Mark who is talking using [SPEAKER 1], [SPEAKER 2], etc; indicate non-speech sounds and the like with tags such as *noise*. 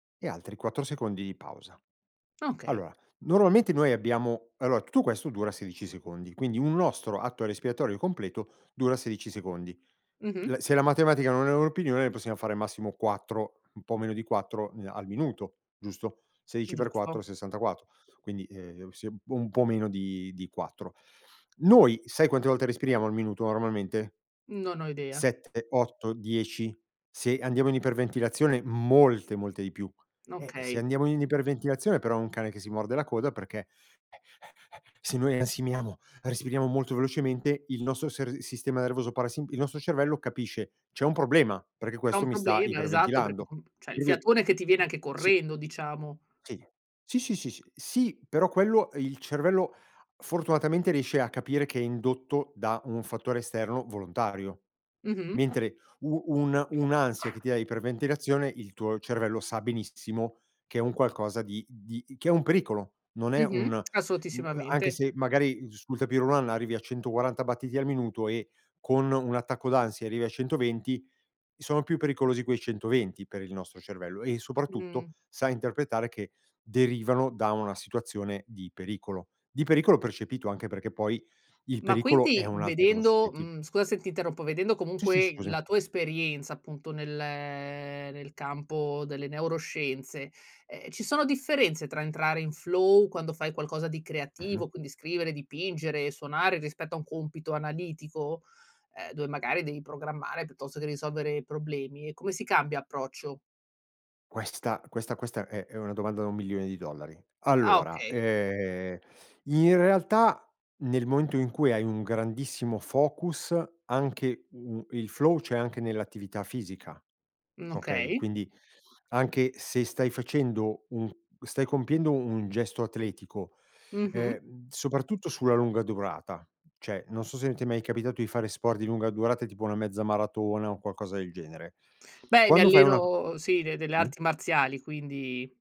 [SPEAKER 1] E altri 4 secondi di pausa.
[SPEAKER 2] Okay.
[SPEAKER 1] Allora, normalmente noi abbiamo allora tutto questo dura 16 secondi, quindi un nostro atto respiratorio completo dura 16 secondi.
[SPEAKER 2] Mh-mh.
[SPEAKER 1] L se la matematica non è una opinione, noi possiamo fare massimo 4, un po' meno di 4, ehm, al minuto, giusto? Sedici per 4
[SPEAKER 2] Giusto.
[SPEAKER 1] 64, quindi, ehm, s un po' meno di di 4. Noi, sai quante volte respiriamo al minuto normalmente?
[SPEAKER 2] Non ho idea.
[SPEAKER 1] 7, 8, 10? Se andiamo in iperventilazione molte molte di più. Eh, se
[SPEAKER 2] Okay.
[SPEAKER 1] andiamo in iperventilazione però è un cane che si morde la coda perché se noi ansimiamo, respiriamo molto velocemente, il nostro ser sistema nervoso parasin il nostro cervello capisce: c'è un problema perché
[SPEAKER 2] È
[SPEAKER 1] questo
[SPEAKER 2] un
[SPEAKER 1] mi sta
[SPEAKER 2] problema, esatto, perché
[SPEAKER 1] iperventilando.
[SPEAKER 2] con cioè
[SPEAKER 1] Per
[SPEAKER 2] il
[SPEAKER 1] cui
[SPEAKER 2] fiatone che ti viene anche
[SPEAKER 1] sì.
[SPEAKER 2] correndo diciamo.
[SPEAKER 1] Sì. Sì, sì, sì. Sì però quello, ehm, il cervello fortunatamente riesce a capire che è indotto da un fattore esterno volontario,
[SPEAKER 2] Mh-mh.
[SPEAKER 1] mentre u un un'ansia che ti dà iper ventilazione, il tuo cervello sa benissimo che è un qualcosa di di che è un pericolo, non è un
[SPEAKER 2] Mh-mh, *smacks lips*
[SPEAKER 1] mhmm, anche
[SPEAKER 2] assolutissimamente.
[SPEAKER 1] se magari sul tapis roulant arrivi a 140 battiti al minuto, e con un attacco d'ansia arrivi a 120, sono più pericolosi quei 120 per il nostro cervello e soprattutto
[SPEAKER 2] Mh.
[SPEAKER 1] sa interpretare che derivano da una situazione di pericolo, di pericolo percepito anche perché poi il
[SPEAKER 2] Ma
[SPEAKER 1] pericolo è
[SPEAKER 2] quinti
[SPEAKER 1] un'altra cosa
[SPEAKER 2] vedendo,
[SPEAKER 1] soggettiva.
[SPEAKER 2] mhmm, scusa se ti interrompo vedendo
[SPEAKER 1] Sì, sì,
[SPEAKER 2] comunque
[SPEAKER 1] scusami.
[SPEAKER 2] la tua esperienza appunto nel nel campo delle neuroscienze, ehm, ci sono differenze tra entrare in flow quando fai qualcosa di
[SPEAKER 1] Mh-mh.
[SPEAKER 2] creativo, quindi scrivere, dipingere, suonare rispetto a un compito analitico? Ehm, dove magari devi programmare, piuttosto che risolvere problemi? E come si cambia approccio?
[SPEAKER 1] Questa questa questa è è una domanda da $1.000.000.000.
[SPEAKER 2] Ah,
[SPEAKER 1] Allora,
[SPEAKER 2] okay.
[SPEAKER 1] ehm, in realtà nel momento in cui hai un grandissimo focus anche, mhmm, il flow, c'è anche nell'attività fisica,
[SPEAKER 2] Mh,
[SPEAKER 1] okay?
[SPEAKER 2] okay.
[SPEAKER 1] Quindi anche se stai facendo un stai compiendo un gesto atletico,
[SPEAKER 2] Mh-mh.
[SPEAKER 1] ehm, soprattutto sulla lunga durata, cioè, non so se ti è mai capitato di fare sport di lunga durata tipo una mezza maratona o un qualcosa del genere.
[SPEAKER 2] Beh, mi
[SPEAKER 1] Quando fai una
[SPEAKER 2] alleno sì de delle
[SPEAKER 1] sì?
[SPEAKER 2] arti marziali, quindi